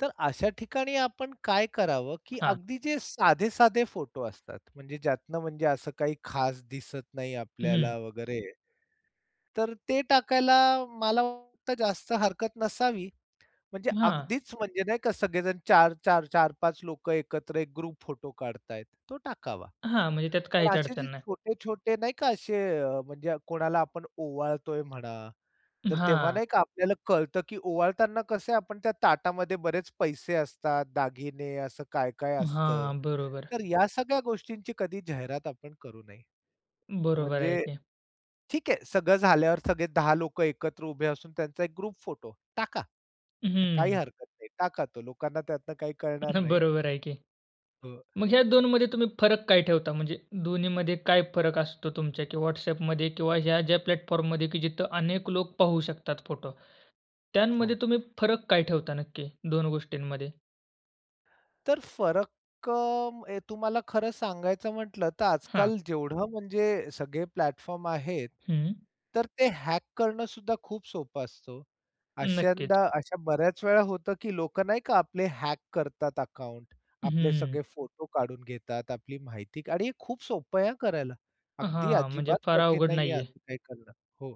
तर अशा ठिकाणी आपण काय करावं, की हां. अगदी जे साधे-साधे फोटो असतात, म्हणजे ज्यातनं म्हणजे असं काही खास दिसत नाही हम्म. आपल्याला वगैरे, तर ते टाकायला मला वाटतं जास्त हरकत नसावी. म्हणजे हां. अगदीच म्हणजे नाही का सगळेजण 4-4 4-5 लोकं एकत्र एक ग्रुप फोटो काढतायेत, तो टाकावा. हां, म्हणजे त्यात पण काहीच असे अडचण जे नाही. छोटे-छोटे नाही का, असे म्हणजे कोणाला आपण ओवाळतोय म्हणा, तर तेव्हा हां. नाही का आपल्याला कळतं, की ओवाळताना कसं आपण त्या ताटामध्ये बरेच पैसे असतात, दागिने असं काय-काय अ, असतं, हां, बरोबर. तर या सगळ्या गोष्टींची कधी जाहिरात आपण करू नये. बरोबर आहे म्हणजे ते. ठीक आहे, सगळं झाल्यावर सगळे 10 लोकं एकत्र उभे असून त्यांचा एक ग्रुप फोटो टाका. काही हम्म. हरकत नाही, टाका तो, लोकांना त्यातनं काही कळणार नाही. बरोबर आहे, की. अ म्हणजे ह्या 2 मध्ये तुम्ही फरक काय ठेवता? म्हणजे दोन्हीमध्ये काय फरक असतो तुमच्या किंवा WhatsAppमध्ये किंवा ह्या ज्या प्लॅटफॉर्ममध्ये, की जिथे अनेक लोक पाहू शकतात फोटो, त्यामध्ये हो. तुम्ही फरक काय ठेवता नक्की 2 गोष्टींमध्ये? तर फरक अ, तुम्हाला खरं सांगायचं म्हटलं, तर हां. आज-काल जेवढं म्हणजे सगळे प्लॅटफॉर्म आहेत, हम्म. तर ते हॅक करणं सुद्धा खूप सोपं असतं हो. नक्कीच. अश्यांदा अशा बऱ्याच वेळा होतं, की लोकं नाही का आपले हॅक करतात अकाउंट, आपले हम्म. सगळे फोटो काढून घेतात, आपली माहिती का आणि हे खूप सोपं आहे हा करायला. अगदी, हां, म्हणजे अजिबात फार कठीण अवघड नाहीये नाही आहे. असं काही करणं, हो.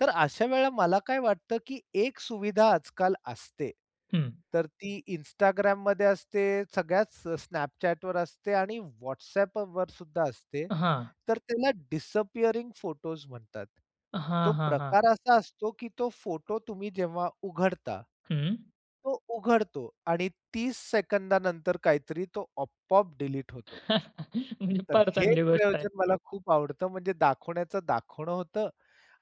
तर अशा वेळेला मला काय वाटतं, की एक सुविधा आज-काल असते. हम्म. तर ती Instagramमध्ये असते, सगळ्याच Snapchatवर असते आणि WhatsAppवर सुद्धा असते. हां. तर त्याला डिसअपियरिंग फोटोज् म्हणतात. तो हां, हां, हां. प्रकार असा असतो, की तो फोटो तुम्ही जेव्हा उघडता, हं. तो उघडतो आणि 30 सेकंदानंतर काहीतरी तो आपोआप डिलीट होतो. म्हणजे तर फार हे एक चांगली गोष्ट आहे. प्रयोजन मला खूप आवडतं. म्हणजे दाखवण्याचं दाखवणं होतं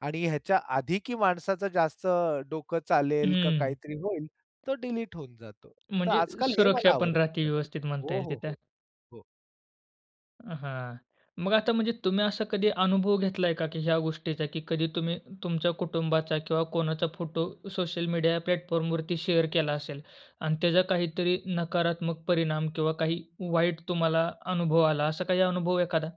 आणि ह्याच्या आधी की माणसाचं जास्त डोकं चालेल का हम्म. काहीतरी होईल, तो डिलीट होऊन जातो. तर म्हणजे आज-काल हे सुरक्षा मला पण राहते, आवडतं, व्यवस्थित म्हणता हो, येईल हो, तिथे. हो. हो. हां, मग आता म्हणजे तुम्ही असा कधी अनुभव घेतलाय का, की ह्या गोष्टीचा की कधी तुम्ही तुमच्या कुटुंबाचा किंवा कोणाचा फोटो सोशल मीडिया प्लॅटफॉर्मवरती शेअर केला असेल आणि त्याचा काहीतरी नकारात्मक परिणाम किंवा काही वाईट तुम्हाला अनुभव आला? असा काही अनुभव एखादा?